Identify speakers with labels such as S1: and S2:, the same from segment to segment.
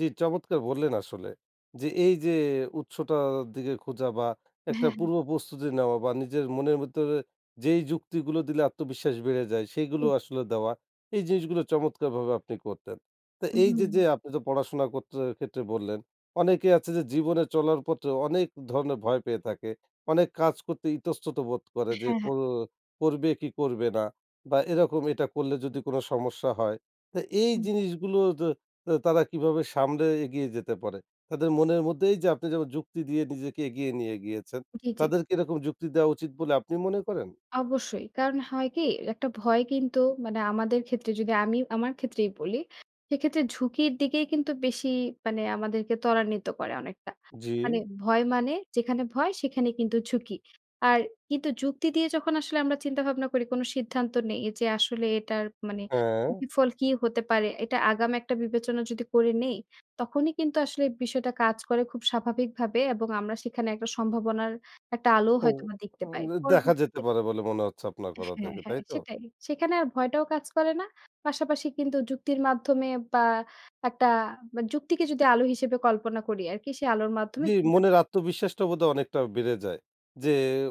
S1: জি, চমৎকার বললেন আসলে! যে, এই যে উৎসটার দিকে খোঁজা বা একটা
S2: হ্যাঁ, হ্যাঁ।
S1: পূর্ব প্রস্তুতি নেওয়া বা নিজের মনের ভিতরে যেই যুক্তিগুলো দিলে আত্মবিশ্বাস বেড়ে যায়
S2: জি,
S1: সেগুলো
S2: জি।
S1: আসলে দেওয়া। এই জিনিসগুলো চমৎকারভাবে আপনি করতেন। তো এই যে,
S2: হুম।
S1: যে আপনি তো পড়াশোনা করতে ক্ষেত্রে বললেন অনেকেই আছে যে জীবনে চলার পথে অনেক ধরনের ভয় পেয়ে থাকে। অনেক কাজ করতে ইতস্তত বোধ করে যে,
S2: হ্যাঁ, হ্যাঁ।
S1: কর করবে কি করবে না বা এরকম এটা করলে যদি কোন সমস্যা হয়। তো এই
S2: হু।
S1: জিনিসগুলো তারা কিভাবে সামলে এগিয়ে যেতে পারে? তাদের মনের মধ্যে এই যে আপনি যেমন যুক্তি দিয়ে নিজেকে এগিয়ে নিয়ে গিয়েছেন
S2: জি, জি।
S1: তাদের কি এরকম যুক্তি দেওয়া উচিত বলে আপনি মনে করেন?
S2: অবশ্যই। কারণ হয় কি একটা ভয় কিন্তু মানে আমাদের ক্ষেত্রে যদি আমি আমার ক্ষেত্রেই বলি, সেক্ষেত্রে ঝুঁকির দিকেই কিন্তু বেশি মানে আমাদেরকে ত্বরান্বিত করে অনেকটা। মানে
S1: জি।
S2: ভয় মানে যেখানে ভয়, সেখানে কিন্তু ঝুঁকি। আর কিন্তু যুক্তি দিয়ে যখন আসলে আমরা চিন্তা ভাবনা করি কোন সিদ্ধান্ত নেই যে, আসলে এটার মানে
S1: হ্যাঁ।
S2: বিফল কি হতে পারে। এটা আগাম একটা বিবেচনা যদি করে নেই, তখনই কিন্তু আসলে বিষয়টা কাজ করে খুব স্বাভাবিকভাবে এবং আমরা সেখানে একটা সম্ভাবনার একটা আলোও
S1: [unintelligible]
S2: হয়তোবা দেখতে
S1: আ
S2: পাই।
S1: দেখা যেতে
S2: পরবর্তীতে
S1: পারে বলে মনে হচ্ছে আপনার কথা
S2: হ্যাঁ,
S1: থেকে।
S2: হ্যাঁ
S1: তাই তো?
S2: সেটাই। সেখানে আর ভয়টাও কাজ করে না। পাশাপাশি কিন্তু যুক্তির মাধ্যমে বা একটা বা যুক্তিকে যদি আলো হিসেবে কল্পনা করি, আরকি সেই আলোর মাধ্যমে
S1: জি,
S2: [unintelligible]
S1: মনের আত্মবিশ্বাসটা বোধহয় অনেকটা বেড়ে যায়। যে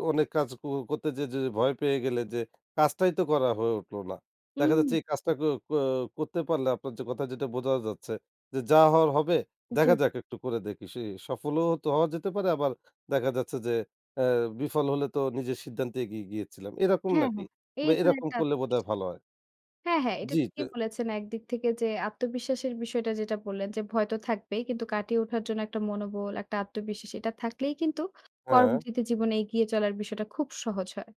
S1: অনেক কাজ ক করতে যেয়ে যদি ভয় পেয়ে গেলে যে কাজটাই তো করা হয়ে উঠলো না। দেখা
S2: হুম।
S1: যাচ্ছে এই কাজটা ক ক করতে পারলে আপনার যে কথা যেটা বোঝা যাচ্ছে যে, যা হওয়ার হবে, দেখা
S2: জি।
S1: যাক একটু করে দেখি। সে সফলও হওয়া যেতে পারে আবার দেখা যাচ্ছে যে, অ্যা বিফল হলে তো নিজের সিদ্ধান্তে এগিয়ে গিয়েছিলাম। এরকম
S2: হ্যাঁ,
S1: নাকি?
S2: হ্যাঁ।
S1: বা
S2: এই ধরনের
S1: এরকম
S2: একটা
S1: করলে বোধহয়
S2: বিশ্বাস
S1: ভালো হয়।
S2: হ্যাঁ, হ্যাঁ, এটা
S1: জি, তো।
S2: ঠিকই বলেছেন একদিক থেকে যে আত্মবিশ্বাসের বিষয়টা যেটা বললেন যে, ভয় তো থাকবেই কিন্তু কাটিয়ে ওঠার জন্য একটা মনোবল, একটা আত্মবিশ্বাস এটা থাকলেই কিন্তু
S1: হ্যাঁ।
S2: পরবর্তীতে জীবনে এগিয়ে চলার বিষয়টা খুব সহজ হয়।